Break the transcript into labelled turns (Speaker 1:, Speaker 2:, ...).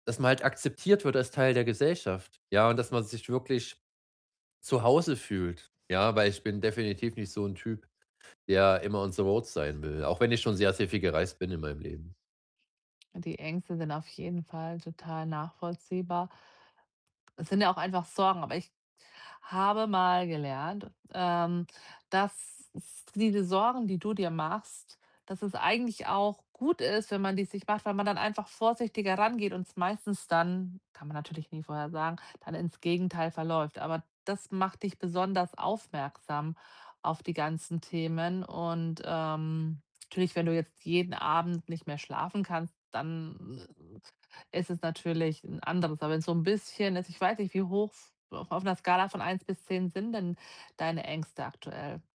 Speaker 1: Dass man halt akzeptiert wird, als Teil der Gesellschaft, ja, und dass man sich wirklich, zu Hause fühlt, ja? Weil ich bin definitiv nicht so 'n Typ, der immer on the road sein will, auch wenn ich schon sehr, sehr viel gereist bin, in meinem Leben.
Speaker 2: Und die Ängste sind, auf jeden Fall, total nachvollziehbar. Es sind ja auch einfach Sorgen, aber ich habe mal gelernt, ähm, dass es diese Sorgen, die du dir machst, dass es eigentlich auch gut ist, wenn man die sich macht, weil man dann einfach vorsichtiger rangeht und meistens dann kann man natürlich nie vorhersagen, dann ins Gegenteil verläuft. Aber das macht dich besonders aufmerksam, auf die ganzen Themen und, ähm natürlich, wenn du jetzt jeden Abend nicht mehr schlafen kannst, dann [unintelligible] ist es natürlich 'n anderes. Aber wenn's so 'n bisschen ist ich weiß nicht, wie hoch 's auf auf 'ner Skala von 1 bis 10, sind denn deine Ängste aktuell?